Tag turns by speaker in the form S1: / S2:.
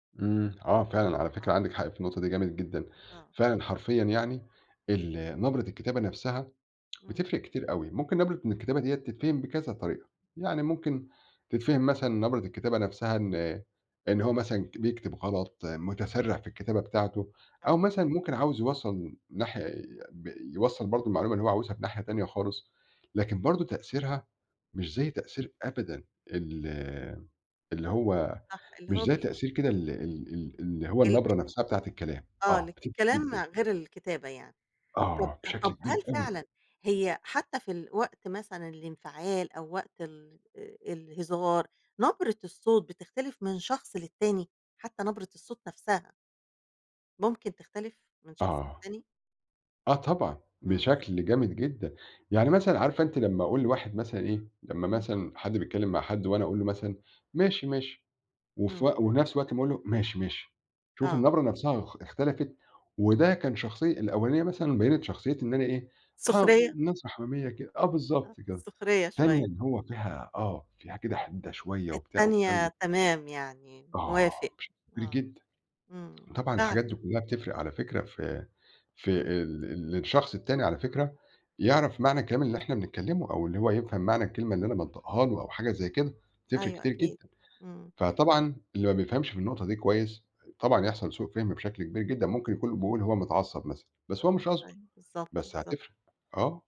S1: إمم. آه فعلًا، على فكرة
S2: آه.
S1: عَندِك حق في النقطة دي جامد جدًا.
S2: آه.
S1: فعلًا حرفيًا يعني، النَبرة الكتابة نَفسَها،
S2: إمم.
S1: بتفرِق كتير أوي. ممكن نَبرة من الكتابة دِيَّة تتفهم بكذا طريقة، يعني ممكن تتفهم مثلًا نَبرة الكتابة نَفسَها إن إن هو مثلًا ك بيكتب غلط، مُتسرِّع في الكتابة بتاعته، أو
S2: آه.
S1: مثلًا ممكن عاوز يوصَّل ناحية ب يوصَّل برضه
S2: آه.
S1: المعلومة اللي هو عاوزها في ناحية تانية خالص، لكن برضه تأثيرها مش زي تأثير أبدًا ال اللي هو
S2: صح، اللي
S1: مش
S2: هو
S1: زي
S2: بي
S1: تأثير كده ال ال ال اللي هو
S2: [unintelligible]
S1: النَبرة نَفسَها بتاعة الكلام.
S2: آه،
S1: آه،
S2: لكن
S1: بتفرِق
S2: الكلام
S1: جدًا.
S2: غير الكتابة يعني. طَب
S1: آه، بشكل
S2: طَب،
S1: كبير
S2: هل
S1: أوي.
S2: فعلًا هي حتّى في الوقت مثلًا الانفعال أو وقت ال آآ، الهزار، نَبرة الصوت بتختلف من شخص للتاني؟ حتّى نَبرة الصوت نَفسها ممكن تختلف من شخص
S1: آه.
S2: للتاني؟
S1: آه طبعًا،
S2: إمم.
S1: بشَكل جامد جدًا. يعني مثلًا عارفة أنتِ لمّا أقول لواحد مثلًا إيه، لمّا
S2: إمم.
S1: مثلًا حد بيتكلم مع حد وأنا أقول له مثلًا: "ماشي، ماشي." وف
S2: إمم.
S1: ونَفس الوقت أمّا أقول له: "ماشي، ماشي." شوف
S2: آه.
S1: النَبرة نَفسَها أخ اختلفت،
S2: إمم.
S1: وده كان شخصية الأولانية مثلًا بيّنِت شخصية إن أنا إيه، ها
S2: سخرية.
S1: م [unintelligible] حميمية كده آه
S2: آه،
S1: بالضبط كده.
S2: سخرية
S1: التانية
S2: شويّة.
S1: اللي هو فيها آه، فيها كده حِدَّة شويّة وبتاع والكلام
S2: التانية
S1: ده
S2: تمام يعني،
S1: كلّه. آه،
S2: موافق،
S1: بشكل كبير
S2: آه.
S1: جدًا.
S2: إمم،
S1: طبعًا الحاجات
S2: فعلًا.
S1: دي كلّها بتفرِق على فكرة في في
S2: إمم.
S1: ال للشخص التاني على فكرة يعرف معنى الكلام اللي إحنا بنتكلمه، أو اللي هو يفهَم معنى الكلمة اللي أنا بانطقها له أو حاجة زي كده، بتفرِق
S2: أيوَه
S1: كتير
S2: أكيد،
S1: جدًا.
S2: إمم.
S1: فطبعًا اللي ما بيفهمش في النقطة دي كويّس، طبعًا هيحصَل سوء فِهم بشَكل كبير جدًا، ممكن يكون بيقول هو متعصّب مثلًا بس هو مش قصده،
S2: أيوه. بالضبط،
S1: بس
S2: بالضبط.
S1: هتفرِق. آه.